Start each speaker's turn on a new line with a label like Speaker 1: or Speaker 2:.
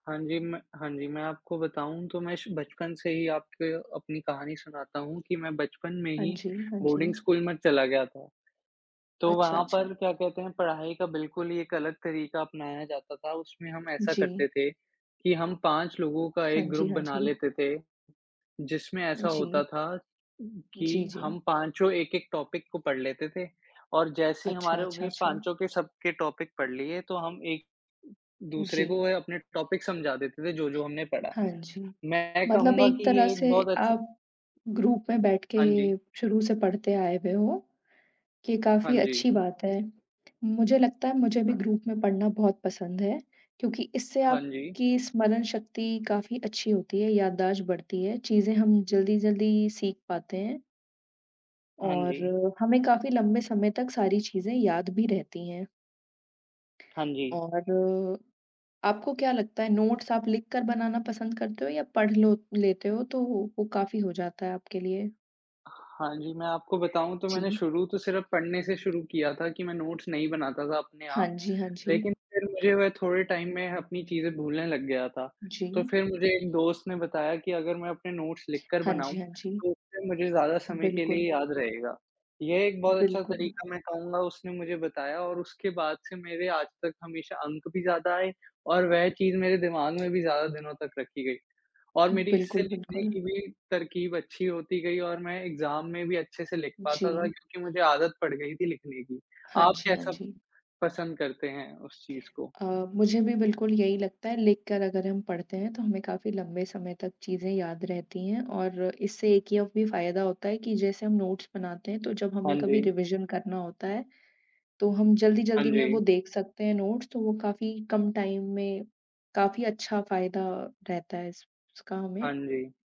Speaker 1: हाँ जी, म हाँ जी, मैं आपको बताऊँ तो मैं शु बचपन से ही आपको अपनी कहानी सुनाता हूँ कि मैं बचपन में
Speaker 2: हाँ
Speaker 1: ही
Speaker 2: जी, हाँ
Speaker 1: बोर्डिंग
Speaker 2: जी।
Speaker 1: स्कूल में चला गया था। तो
Speaker 2: अच्छा,
Speaker 1: वहाँ
Speaker 2: अच्छा।
Speaker 1: पर क्या कहते हैं, पढ़ाई का बिल्कुल ही एक अलग तरीका अपनाया जाता था। उसमें हम ऐसा
Speaker 2: जी।
Speaker 1: करते थे, कि हम 5 लोगों का
Speaker 2: हाँ
Speaker 1: एक
Speaker 2: जी,
Speaker 1: ग्रुप
Speaker 2: हाँ जी।
Speaker 1: बना लेते थे, जिसमें ऐसा होता
Speaker 2: जी।
Speaker 1: था उ
Speaker 2: जी,
Speaker 1: कि
Speaker 2: जी।
Speaker 1: हम पाँचों 1-1 टॉपिक को पढ़ लेते थे और जैसे ही
Speaker 2: अच्छा,
Speaker 1: हमारों
Speaker 2: अच्छा,
Speaker 1: के
Speaker 2: अच्छा।
Speaker 1: पाँचों के सबके टॉपिक पढ़ लिए तो हम एक उ दूसरे को
Speaker 2: जी।
Speaker 1: वो है अपने टॉपिक समझा देते थे, जो-जो हमने पढ़ा।
Speaker 2: हाँ जी।
Speaker 1: मैं
Speaker 2: मतलब
Speaker 1: कहूँगा
Speaker 2: एक
Speaker 1: कि
Speaker 2: तरह
Speaker 1: ये एक
Speaker 2: से
Speaker 1: बहुत अच्छा
Speaker 2: आप ग्रुप में बैठ के
Speaker 1: हाँ जी।
Speaker 2: शुरू से पढ़ते आए हुए हो, कि
Speaker 1: हाँ
Speaker 2: काफ़ी
Speaker 1: जी।
Speaker 2: अच्छी बात है। मुझे लगता है मुझे भी
Speaker 1: हाँ।
Speaker 2: ग्रुप में पढ़ना बहुत पसंद है, क्योंकि इससे
Speaker 1: हाँ जी।
Speaker 2: आपकी स्मरण शक्ति काफ़ी अच्छी होती है, याददाश्त बढ़ती है, चीज़ें हम जल्दी-जल्दी सीख पाते हैं।
Speaker 1: हाँ
Speaker 2: और
Speaker 1: जी।
Speaker 2: हमें काफ़ी लंबे समय तक सारी चीज़ें याद भी रहती हैं।
Speaker 1: हाँ जी।
Speaker 2: और आपको क्या लगता है नोट्स आप लिखकर बनाना पसंद करते हो या पढ़ लो लेते हो तो वो वो काफ़ी हो जाता है आपके लिए?
Speaker 1: हाँ जी, मैं आपको बताऊँ तो मैंने
Speaker 2: जी।
Speaker 1: शुरू तो सिर्फ पढ़ने से शुरू किया था कि मैं नोट्स नहीं बनाता था अपने
Speaker 2: हाँ
Speaker 1: आप।
Speaker 2: जी, हाँ
Speaker 1: लेकिन
Speaker 2: जी।
Speaker 1: फिर मुझे वे थोड़े टाइम में अपनी चीज़ें भूलने लग गया था, तो
Speaker 2: जी।
Speaker 1: फिर मुझे एक दोस्त ने बताया कि अगर मैं अपने नोट्स लिखकर
Speaker 2: हाँ जी,
Speaker 1: बनाऊँ,
Speaker 2: हाँ जी।
Speaker 1: तो फिर मुझे ज़्यादा समय के
Speaker 2: बिल्कुल।
Speaker 1: लिए याद रहेगा। ये एक बहुत अच्छा
Speaker 2: बिल्कुल।
Speaker 1: तरीका मैं कहूँगा उसने मुझे बताया और उसके बाद से मेरे आज तक हमेशा अंक भी ज़्यादा आए और वह चीज़ मेरे दिमाग में भी ज़्यादा दिनों तक रखी गई। और मेरी इससे
Speaker 2: बिल्कुल,
Speaker 1: लिखने
Speaker 2: बिल्कुल।
Speaker 1: की भी तरकीब अच्छी होती गई और मैं एग्ज़ाम में भी अच्छे से लिख पाता था
Speaker 2: जी।
Speaker 1: क्योंकि मुझे आदत पड़ गई थी लिखने की।
Speaker 2: हाँ
Speaker 1: आप
Speaker 2: जी, हाँ
Speaker 1: कैसा
Speaker 2: जी।
Speaker 1: पसंद करते हैं उस चीज़ को?
Speaker 2: अ, मुझे भी बिल्कुल यही लगता है। लिखकर अगर हम पढ़ते हैं तो हमें काफ़ी लंबे समय तक चीज़ें याद रहती हैं और इससे एक ये भी फ़ायदा होता है कि जैसे हम नोट्स बनाते हैं तो जब हमें
Speaker 1: हाँ
Speaker 2: कभी
Speaker 1: जी।
Speaker 2: रिविज़न करना होता है, तो हम
Speaker 1: हाँ
Speaker 2: जल्दी-जल्दी में वो
Speaker 1: जी।
Speaker 2: देख सकते हैं नोट्स। तो वो काफ़ी कम टाइम में काफ़ी अच्छा फ़ायदा रहता है इस इसका
Speaker 1: हाँ
Speaker 2: हमें।
Speaker 1: जी।